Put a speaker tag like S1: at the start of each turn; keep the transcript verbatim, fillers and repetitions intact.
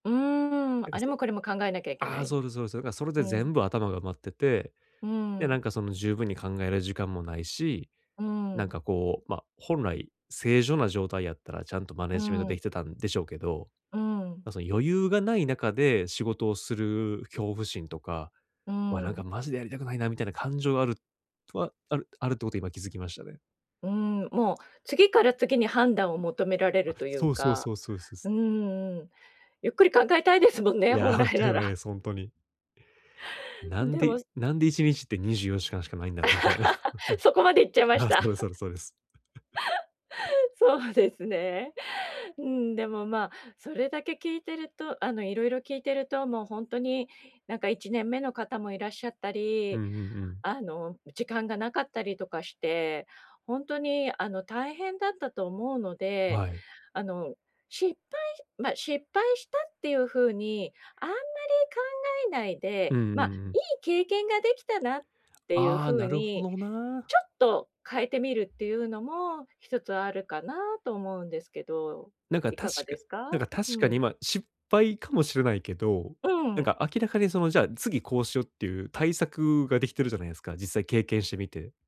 S1: うーん、
S2: なん
S1: あ
S2: か、
S1: れ
S2: そ、
S1: もこれも考えなきゃいけ
S2: あ
S1: な
S2: あ、
S1: い。
S2: そうですそうです。そう。だからそれで
S1: うん。
S2: 全部頭が埋まってて、
S1: うー
S2: で、な
S1: ん。
S2: んか、その、十分に考える時間もないし、
S1: うー
S2: なん
S1: ん。
S2: か、こう、ま、本来正常な状態やったらちゃんとマネ
S1: う
S2: ー
S1: ー
S2: ジメントで
S1: ん。
S2: きてたんでしょうけど、
S1: うーん。
S2: ま、その、余裕がない中で仕事をする恐怖心とか、
S1: うー
S2: ま、なんか、
S1: ん。
S2: マジでやりたくないなみたいな感情がある、とはあるあるっていうこと今気づきましたね。
S1: うーん、もう、次から次に判断を求められる
S2: あ、
S1: という
S2: そうそう
S1: か、
S2: そうそうそうす。
S1: うんうん、ゆっくり考えたいですもんね、
S2: い
S1: 本
S2: や、間
S1: 来
S2: 違
S1: な
S2: いないで
S1: ら。
S2: す、ほんとに。な
S1: ん、
S2: ん
S1: で
S2: で
S1: も
S2: なんで、いちにちってにじゅうよじかんしかないんだろうみたいな。
S1: そこまでいっちゃいま し
S2: あ、そ
S1: た。
S2: うですそ うですそうです。
S1: そうですね。うん、でも、ま、それだけ聞いてると、あの、色々聞いてると、もう、ほんとに、なんか、いちねんめの方もいらっしゃった
S2: う
S1: り、
S2: んうんうん。
S1: あの、時間がなかったりとかして、ほんとに、あの、大変だったと思うので、
S2: はい。
S1: あの、失敗、ま、失敗したっていう風に、あんまり考えないで、
S2: うんうんう
S1: ま、
S2: ん。
S1: いい経験ができたなっていう
S2: ああ、
S1: 風
S2: なるほ
S1: に、
S2: どな。
S1: ちょっと、変えてみるっていうのもひとつあるかなと思うんですけど
S2: なんか、
S1: い
S2: 確
S1: かが
S2: か
S1: ですか？
S2: なんか、
S1: う
S2: 確かに、
S1: ん。
S2: ま、失敗かもしれないけど、
S1: う
S2: なん
S1: ん。
S2: か、明らかに、その、じゃあ、次、こうしようっていう対策ができてるじゃないですか？実際経験してみて。